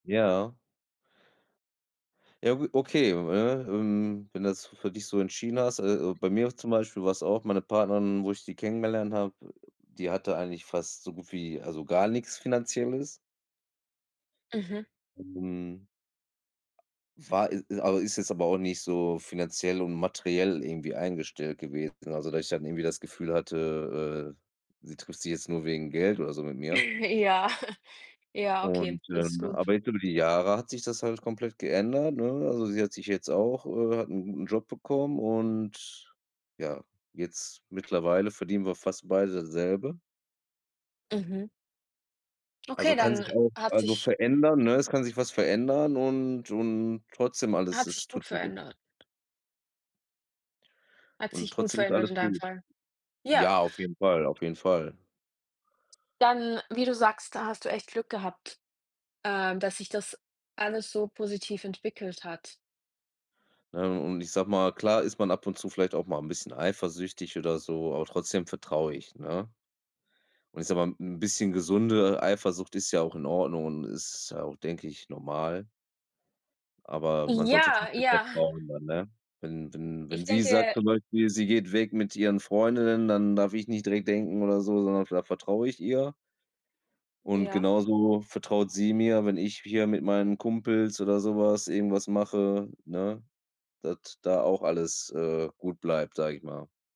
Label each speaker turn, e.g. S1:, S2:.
S1: Ja. Ja gu okay, ne? Ähm, wenn das f für dich so entschieden hast äh, o bei mir zum Beispiel war's auch meine Partnerin, wo ich die kennengelernt habe, die hatte eigentlich fast so gut wie also gar nix Finanzielles.
S2: Ähm
S1: Mhm. War i i aber ist jetzt aber auch nicht so Finanziell und Materiell irgendwie eingestellt gewesen, also dass ich dann irgendwie das Gefühl hatte, äh, sie trifft sich jetzt nur wegen Geld oder so mit mir.
S2: Ja. ja
S1: Und,
S2: okay, das ist
S1: ähm,
S2: gut.
S1: aber jetzt über die Jahre hat sich das halt komplett geändert, ne? Also sie hat sich jetzt auch, äh hat 'n 'n Job bekommen und, ja, jetzt mittlerweile verdienen wir fast beide dasselbe.
S2: Mhm.
S1: Also
S2: Okay,
S1: kann
S2: dann
S1: sich auch,
S2: hat
S1: also
S2: sich
S1: verändern, ne? Es kann sich was verändern und und trotzdem alles
S2: hat
S1: es
S2: sich
S1: tut.
S2: gut
S1: [unintelligible]
S2: verändert. Hat
S1: Und
S2: sich gut
S1: trotzdem ist
S2: verändert
S1: alles
S2: in deinem
S1: gut.
S2: Fall. Ja.
S1: Ja, auf jeden Fall auf jeden Fall.
S2: Dann, wie du sagst, da hast du echt Glück gehabt, äh, dass sich das alles so positiv entwickelt hat.
S1: Ne und ich sage mal klar ist man ab und zu vielleicht auch mal 'n bisschen eifersüchtig oder so, aber trotzdem vertraue ich, ne? Und ich sage mal, 'n bisschen gesunde Eifersucht ist ja auch in Ordnung und ist auch, denke ich, normal. Aber man sollte
S2: Ja,
S1: trotzdem
S2: ja.
S1: vertrauen dann, ne? Wenn wenn wenn
S2: Ich
S1: sie sagt
S2: denke
S1: zum Beispiel, sie geht weg mit ihren Freundinnen dann darf ich nicht direkt denken oder so sondern da vertraue ich ihr. Und
S2: Ja.
S1: genauso vertraut sie mir, wenn ich hier mit meinen Kumpels oder so was, irgendwas mache, ne, dass da auch alles, äh, gut bleibt, sage ich mal.